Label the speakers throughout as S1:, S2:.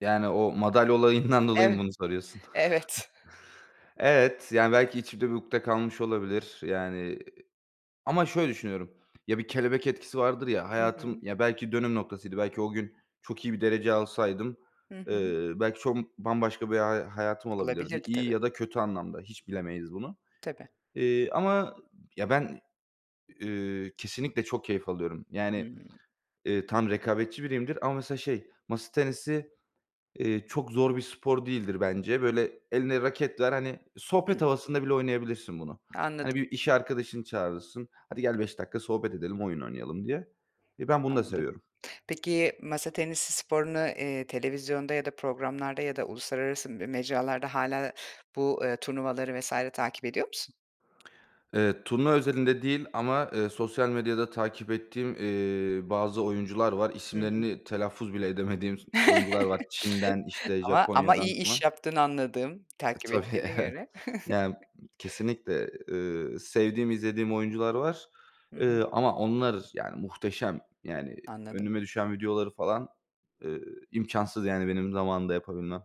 S1: Yani, o madalya olayından dolayı mı
S2: Eve
S1: bunu soruyorsun?
S2: evet.
S1: Evet, yani belki içimde bir ukde kalmış olabilir. Yani, iii ama şöyle düşünüyorum: Ya, bir kelebek etkisi vardır ya.
S2: Hı
S1: Hayatım
S2: hı.
S1: ya, belki dönüm noktasıydı, belki o gün çok iyi bir derece alsaydım,
S2: Hı hı.
S1: eee, belki çok bambaşka bir ha hayatım olabilirdi.
S2: Olabilirdi
S1: İyi
S2: tabii.
S1: ya da kötü anlamda, hiç bilemeyiz bunu.
S2: Tabii.
S1: Eee, ama ya, ben, eee, kesinlikle çok keyif alıyorum. Yani,
S2: Hıı.
S1: eee, tamam, rekabetçi biriyimdir ama mesela şey, masa tenisi, eee, çok zor bir spor değildir bence. Böyle eline raket ver, hani,
S2: Hıh.
S1: sohbet havasında bile oynayabilirsin bunu. Hani,
S2: Anladım.
S1: bir iş arkadaşını çağırırsın, "Hadi gel, 5 dakika sohbet edelim, oyun oynayalım." diye. Eee, ben bunu da
S2: Anladım.
S1: seviyorum.
S2: Peki, masa tenisi sporunu, eee, televizyonda ya da programlarda ya da uluslararası m mecralarda hâlâ bu, eee, turnuvaları vs. takip ediyor musun?
S1: Evet, turnuva özelinde değil ama, eee, sosyal medyada takip ettiğim, eee, bazı oyuncular var.
S2: Hı hı.
S1: İsimlerini telaffuz bile edemediğim s oyuncular var. Çin'den, işte,
S2: Ama ama
S1: Japonya'dan
S2: iyi iş
S1: falan.
S2: yaptığını anladım,
S1: E,
S2: takip
S1: tabii,
S2: ettiğine
S1: evet.
S2: göre.
S1: Yani, kesinlikle. Eee, sevdiğim, izlediğim oyuncular var,
S2: Hı hı.
S1: eee, ama onlar yani muhteşem. Yani
S2: Anladım.
S1: önüme düşen videoları falan, eee, imkânsız yani benim zamanında yapabilmem.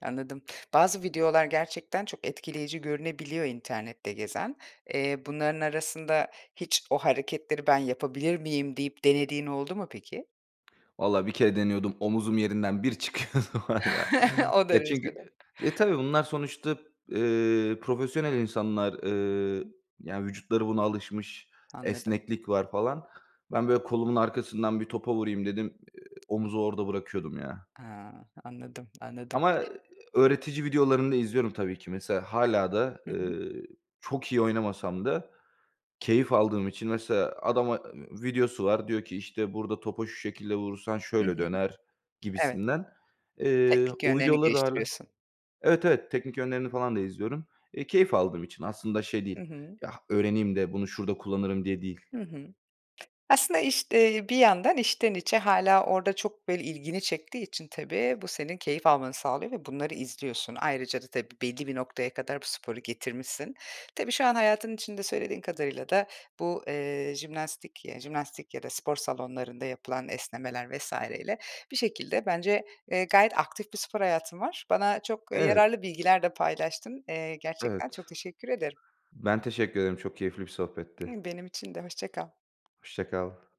S2: Anladım. Bazı videolar gerçekten çok etkileyici görünebiliyor internette gezen. Eee, bunların arasında hiç o hareketleri ben yapabilir miyim deyip denediğin oldu mu peki?
S1: Valla bir kere deniyordum, omzum yerinden bir çıkıyordu var ya.
S2: O
S1: Ya,
S2: derecede.
S1: çünkü e, tabii bunlar sonuçta, eee, profesyonel insanlar.
S2: Hı
S1: Eee,
S2: hı.
S1: yani vücutları buna alışmış.
S2: Anladım.
S1: Esneklik var falan. Ben böyle kolumun arkasından bir topa vurayım dedim, eee, omuzu orada bırakıyordum ya.
S2: Ha, anladım, anladım.
S1: Ama, eee, öğretici videolarını da izliyorum tabii ki. Mesela hâlâ da,
S2: Hı hı.
S1: eee, çok iyi oynamasam da keyif aldığım için mesela adama, ııı, videosu var, diyor ki: "İşte burada topa şu şekilde vurursan
S2: Hı
S1: şöyle
S2: hı.
S1: döner."
S2: Evet.
S1: gibisinden. Eee,
S2: Teknik
S1: o
S2: yönlerini
S1: videoları da hâlâ
S2: geliştiriyorsun.
S1: Evet, evet, teknik yönlerini falan da izliyorum. Eee, keyif aldığım için. Aslında şey
S2: Hı
S1: değil,
S2: hı.
S1: ya, öğreneyim de bunu şurada kullanırım diye değil.
S2: Hı hı. Aslında, işte, bir yandan içten içe hâlâ orada çok böyle ilgini çektiği için tabii, bu senin keyif almanı sağlıyor ve bunları izliyorsun. Ayrıca da tabii, belli bir noktaya kadar bu sporu getirmişsin. Tabii, şu an hayatın içinde söylediğin kadarıyla da bu, eee, jimnastik ya, jimnastik ya da spor salonlarında yapılan esnemeler vs. ile bir şekilde bence, eee, gayet aktif bir spor hayatın var. Bana çok
S1: Evet.
S2: yararlı bilgiler de paylaştın. Eee, gerçekten
S1: Evet.
S2: çok teşekkür ederim.
S1: Ben teşekkür ederim, çok keyifli bir sohbetti.
S2: Imm, benim için de. Hoşça kal.
S1: Hoşça kal.